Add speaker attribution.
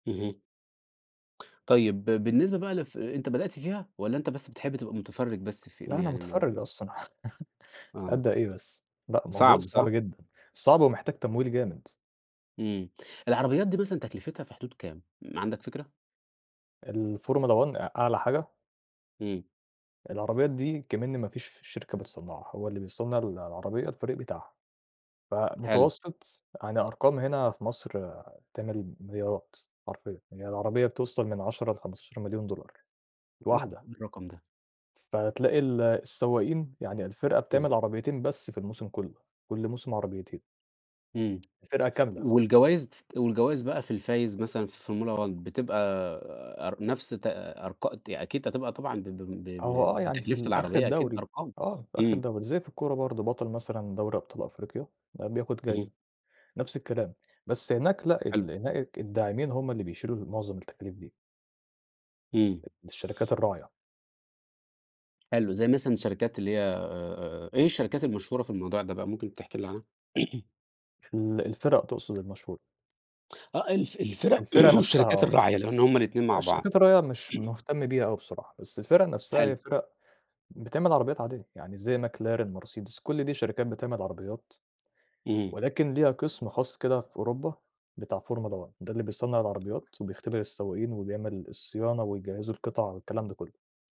Speaker 1: اهم. طيب، بالنسبة بقى لف أنت بدأت فيها والَّا أنت بس بتحب تبقى مُتفرِّج بس في
Speaker 2: لأ أنا
Speaker 1: يعني
Speaker 2: مُتفرّج
Speaker 1: م
Speaker 2: أصلًا،
Speaker 1: آه.
Speaker 2: أبدأ إيه بس، لأ الموضوع
Speaker 1: صعب،
Speaker 2: صعب
Speaker 1: صح؟
Speaker 2: جدًا، صعب ومحتاج تمويل جامد.
Speaker 1: إمم العربيات دي مثلًا تكلفتها في حدود كام ما عندك فكرة؟
Speaker 2: الFormula one أ أعلى حاجة.
Speaker 1: امم.
Speaker 2: العربيات دي أكمِن ما فيش شركة بتصنّعها هو اللي بيصنّع ال العربية الفريق بتاعها،
Speaker 1: حلو.
Speaker 2: فمتوسط يعني أرقام هنا في مصر، تعمل مليارات حرفيًا، يعني العربية بتوصل من 10 ل15.000.000$
Speaker 1: Oh
Speaker 2: الواحدة.
Speaker 1: إيه الرقم ده!
Speaker 2: فتلاقي ال السواقين يعني الفرقة
Speaker 1: اهم.
Speaker 2: بتعمل عربيتين بس في الموسم كلُّه، كل موسم عربيتين.
Speaker 1: إمم،
Speaker 2: الفرقة كاملة.
Speaker 1: والجوايز والجوايز بقى في الفايز مثلًا في Formula one بتبقى أر نفْس تر أرق أكيد هتبقى طبعًا ب ب
Speaker 2: هو آه
Speaker 1: ب
Speaker 2: يعني في
Speaker 1: بتكلفة
Speaker 2: الآخر
Speaker 1: العربية، أكيد
Speaker 2: الدوري،
Speaker 1: أرقام،
Speaker 2: آه، في آخر
Speaker 1: إمم.
Speaker 2: الدوري زي في الكورة برضه بطل مثلًا دوري أبطال أفريقيا، بياخد
Speaker 1: اهم.
Speaker 2: جايزة، نفْس الكلام بس هناك لأ،
Speaker 1: حلو.
Speaker 2: ال هناك الداعمين هم اللي بيشيلوا معظم التكاليف دي.
Speaker 1: إمم.
Speaker 2: الشركات الراعية.
Speaker 1: حلو زي مثلًا الشركات اللي هي آآ، إيه الشركات المشهورة في الموضوع ده بقى؟ ممكن تحكي لي عنها؟
Speaker 2: ال الفِرَق تقصد المشهورة.
Speaker 1: آه الف الفِرَق
Speaker 2: الفِرَق نفْسها
Speaker 1: والشركات
Speaker 2: آه،
Speaker 1: الراعية لأن هُم الاتنين مع بعض.
Speaker 2: الشركات الراعية مش مهتم بيها أوي بصراحة، بس الفِرَق نفْسها هي
Speaker 1: حلو.
Speaker 2: فِرَق بتعمل عربيات عادية، يعني زي Mercedes ،McLaren كل دي شركات بتعمل عربيات،
Speaker 1: امم.
Speaker 2: ولكن ليها قسم خاص كده في أوروبا، بتاع Formula one ده اللي بيصنّع العربيات، وبيختبر السواقين، وبيعمل الصيانة، وبيجهّزوا القطع والكلام ده كلُّه.